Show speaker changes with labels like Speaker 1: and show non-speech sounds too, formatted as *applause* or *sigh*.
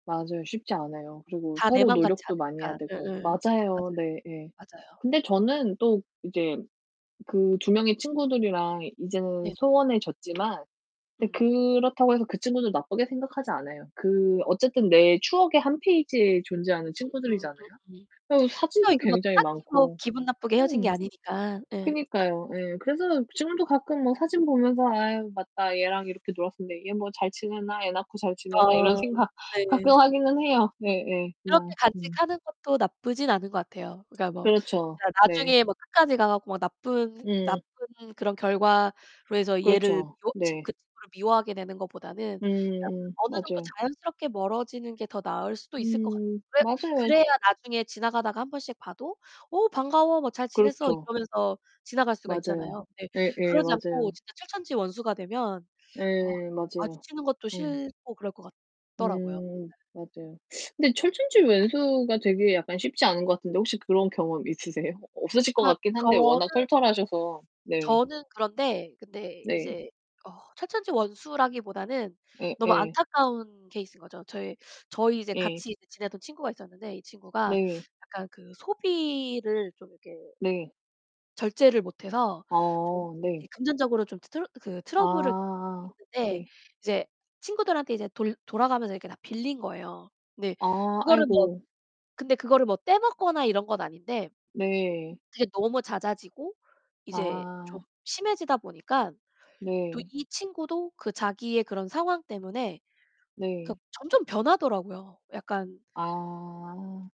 Speaker 1: 맞아요. 쉽지 않아요. 그리고
Speaker 2: 다 내
Speaker 1: 서로
Speaker 2: 맘 같지
Speaker 1: 노력도 많이 해야
Speaker 2: 않으니까.
Speaker 1: 되고.
Speaker 2: 예예.
Speaker 1: 맞아요,
Speaker 2: 맞아요.
Speaker 1: 네 예.
Speaker 2: 맞아요.
Speaker 1: 근데 저는 또 이제 그 2 명의 친구들이랑 이 이제는
Speaker 2: 네네.
Speaker 1: 소원해졌지만 근데
Speaker 2: 음.
Speaker 1: 그렇다고 해서 그 친구들 나쁘게 생각하지 않아요. 그 어쨌든 내 추억의 1 페이지에 존재하는
Speaker 2: 음음.
Speaker 1: 친구들이잖아요.
Speaker 2: 음음.
Speaker 1: 또
Speaker 2: 그쵸.
Speaker 1: 사진도
Speaker 2: 이게 뭐
Speaker 1: 굉장히
Speaker 2: 딱히 뭐
Speaker 1: 많고.
Speaker 2: 기분 나쁘게 헤어진 게
Speaker 1: 음.
Speaker 2: 아니니까. 예.
Speaker 1: 그니까요. 예. 그래서 지금도 가끔 뭐 사진 보면서 '아유, 맞다. 얘랑 이렇게 놀았었는데 얘 뭐 잘 지내나? 애 낳고 잘 지내나?' 이런
Speaker 2: 아
Speaker 1: 생각 가끔
Speaker 2: 네.
Speaker 1: 하기는 해요. 네 예.
Speaker 2: 그렇게
Speaker 1: 그냥 음.
Speaker 2: 간직하는 것도 나쁘진 않은 것 같아요. 그러니까 뭐
Speaker 1: 그렇죠.
Speaker 2: 진짜
Speaker 1: 네.
Speaker 2: 나중에 뭐 끝까지 가 갖고 막 나쁜
Speaker 1: 음.
Speaker 2: 나쁜 그런 결과로 해서 얘를
Speaker 1: 그렇죠.
Speaker 2: 미워 친
Speaker 1: 네.
Speaker 2: 그 친구를 미워하게 되는 것보다는 그냥
Speaker 1: 음음음
Speaker 2: 어느 정도
Speaker 1: 맞아요.
Speaker 2: 자연스럽게 멀어지는 게 더 나을 수도 있을 것 같아요.
Speaker 1: 음
Speaker 2: 그래
Speaker 1: 맞아요. 아주
Speaker 2: 그래야 나중에 지나가다가 1 번씩 봐도 "어, 반가워. 뭐 잘 지냈어?"
Speaker 1: 그렇죠.
Speaker 2: 이러면서 지나갈 수가
Speaker 1: 맞아요.
Speaker 2: 있잖아요. 네,
Speaker 1: 예예,
Speaker 2: 그러지 않고
Speaker 1: 맞아요.
Speaker 2: 진짜 철천지원수가 되면 어
Speaker 1: 네, 맞아요.
Speaker 2: 마주치는 것도
Speaker 1: 음.
Speaker 2: 싫고 그럴 것 같더라고요.
Speaker 1: 음 맞아요. *sucks teeth* 근데 철천지원수가 되게 약간 쉽지 않은 것 같은데 혹시 그런 경험 있으세요? 없으실 것
Speaker 2: 그러니까
Speaker 1: 같긴 한데
Speaker 2: 저는
Speaker 1: 워낙 털털하셔서. 네.
Speaker 2: 저는 그런데 근데
Speaker 1: 네.
Speaker 2: 이제 어, 철천지원수라기보다는 너무
Speaker 1: 예예.
Speaker 2: 안타까운 케이스인 거죠. 저희 저희 이제
Speaker 1: 예.
Speaker 2: 같이 지내던 친구가 있었는데 이 친구가
Speaker 1: 네.
Speaker 2: 약간 그 소비를 좀 이렇게
Speaker 1: 네.
Speaker 2: 절제를 못 해서
Speaker 1: 아
Speaker 2: 좀
Speaker 1: 네.
Speaker 2: 이제 금전적으로 좀 트 트러 그 트러블을 겪은
Speaker 1: 아
Speaker 2: 적이 있는데
Speaker 1: 네.
Speaker 2: 이제 친구들한테 이제 돌 돌아가면서 이렇게 다 빌린 거예요. 근데
Speaker 1: 아
Speaker 2: 그거를 뭐
Speaker 1: 아이고.
Speaker 2: 근데 그거를 뭐 떼먹거나 이런 건 아닌데
Speaker 1: 네.
Speaker 2: 이제 너무 잦아지고 이제 좀
Speaker 1: 아.
Speaker 2: 심해지다 보니깐 또
Speaker 1: 네.
Speaker 2: 이 친구도 그 자기의 그런 상황 때문에
Speaker 1: 네.
Speaker 2: 그 점점 변하더라고요. 약간
Speaker 1: 아.